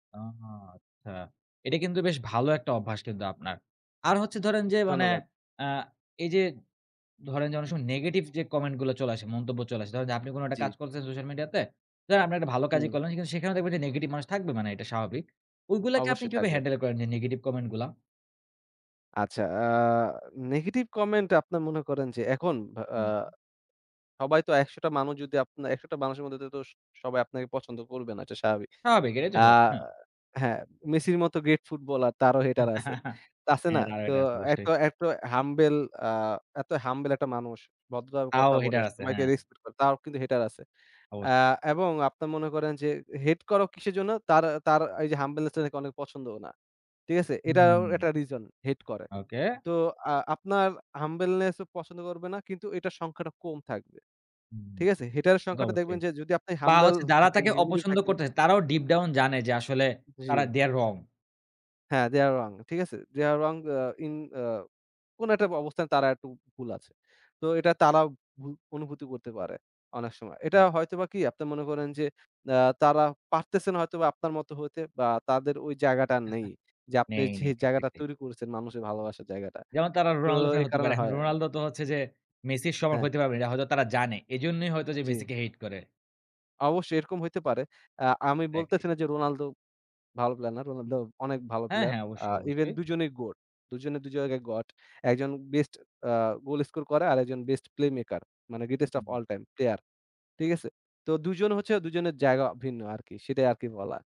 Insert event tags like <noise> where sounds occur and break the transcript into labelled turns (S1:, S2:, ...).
S1: আহা আচ্ছা। এটা কিন্তু বেশ ভালো একটা অভ্যাস কিন্তু আপনার। আর হচ্ছে ধরেন যে মানে
S2: ধন্যবাদ।
S1: আ এইযে ধরেন যে অনেক সময় নেগেটিভ যে কমেন্টগুলো চলে আসে, মন্তব্য চলে আসে। ধরেন যে আপনি কোন একটা
S2: জ্বি।
S1: কাজ করছেন সোশ্যাল মিডিয়াতে। ধরেন, আপনি একটা ভালো কাজই
S2: হু।
S1: করলেন কিন্তু সেখানেও দেখবেন যে নেগেটিভ মানুষ থাকবে। মানে এটা স্বাভাবিক। ওইগুলাকে আপনি
S2: অবশ্যই
S1: কিভাবে
S2: থাকবে।
S1: হ্যান্ডেল করেন যে নেগেটিভ কমেন্টগুলা?
S2: আচ্ছা আ নেগেটিভ কমেন্ট আপনার মনে করেন যে এখন ভা আ
S1: হুম, হু।
S2: সবাই তো ১০০ টা মানুষ যদি আপনার ১০০ টা মানুষের মধ্যে তে তো স সবাই আপনাকে পছন্দ করবে না, এটা স্বাভাবিক।
S1: স্বাভাবিক। এটাই তো
S2: আ
S1: হয়। হ্যাঁ।
S2: হ্যাঁ, মেসির মতো গ্রেট ফুটবলার, তারও হেটার আছে।
S1: <chuckles>
S2: তা
S1: হ্যাঁ।
S2: আছে না?
S1: <unintelligible>
S2: তো
S1: এটা। অবশ্যই।
S2: এতো, এতো, হাম্বেল আ এতো হাম্বেল একটা মানুষ, ভদ্রভাবে
S1: তাও
S2: কথা বলে,
S1: হেইটার আছে।
S2: সবাইকে
S1: হ্যাঁ।
S2: রেসপেক্ট করে। তারও কিন্তু হেটার আছে। আ
S1: অবশ্যই।
S2: এবং আপনারা মনে করেন যে এ হেট করো কিসের জন্য? তার, তার, এইযে হাম্বলনেস টা নাকি অনেকে পছন্দও না। ঠিক আছে? এটাও
S1: হুম।
S2: একটা রিজন হেট করে।
S1: ওকে।
S2: তো আ আপনার হাম্বলনেস ও পছন্দ করবে না। কিন্তু এটার সংখ্যাটা কম থাকবে।
S1: হুম।
S2: ঠিক আছে? হেটারের
S1: তো
S2: সংখ্যাটা
S1: অবশ্যই।
S2: দেখবেন যে যদি আপনি
S1: বা,
S2: হাম্বল
S1: হচ্ছে যারা
S2: থাকেন,
S1: তাকে
S2: <unintelligible>
S1: অপছন্দ
S2: থাকেন।
S1: করতেছে তারাও ডিপ ডাউন জানে যে আসলে তারা
S2: জ্বি।
S1: They are wrong.
S2: হ্যাঁ, They are wrong ঠিক আছে? They are wrong আ ইন আ কোন একটা অবস্থায় তারা একটু ভুল আছে। তো এটা তারাও ভু অনুভূতি করতে পারে অনেক সময়। এটা
S1: হু।
S2: হয়তোবা কি? আপনি মনে করেন যে, আ তারা পারতেছেনা হয়তোবা আপনার মতো হইতে বা, তাদের ওই জায়গাটা নেই।
S1: <chuckles>
S2: যে আপনি
S1: নেই,
S2: যে
S1: নেই,
S2: জায়গাটা
S1: এক্সাক্টলি।
S2: তৈরি করেছেন মানুষের ভালোবাসার জায়গাটা।
S1: যেমন তারা
S2: তো
S1: রোনাল্ডো ফ্যান
S2: এই
S1: হতে
S2: কারণে
S1: পারে। এখন
S2: হয় এ্যা
S1: রোনাল্ডো তো হচ্ছে যে মেসির সমান
S2: হ্যাঁ।
S1: হইতে পারবে না। এটা হয়তো তারা জানে। এইজন্যই হয়তো যে
S2: জি।
S1: মেসিকে হেইট করে।
S2: অবশ্যই। এরকম হইতে পারে। আ আমি বলতেছি
S1: একজেক্টলি।
S2: না যে রোনালদো ভালো প্লেয়ার না। রোনালদো অনেক ভালো
S1: হ্যাঁ,
S2: প্লেয়ার।
S1: হ্যাঁ।
S2: আ
S1: অবশ্যই,
S2: ইভেন
S1: অবশ্যই।
S2: ২ জনেই গোট। ২ জনেই ২ জায়গায় গট। একজন বেস্ট আ গোল স্কোর করে আর একজন বেস্ট Playmaker মানে Greatest of
S1: হুম।
S2: All Time Player ঠিক আছে? তো ২ জন হচ্ছে ২ জনের জায়গা ভিন্ন আরকি। সেটাই আরকি বলা।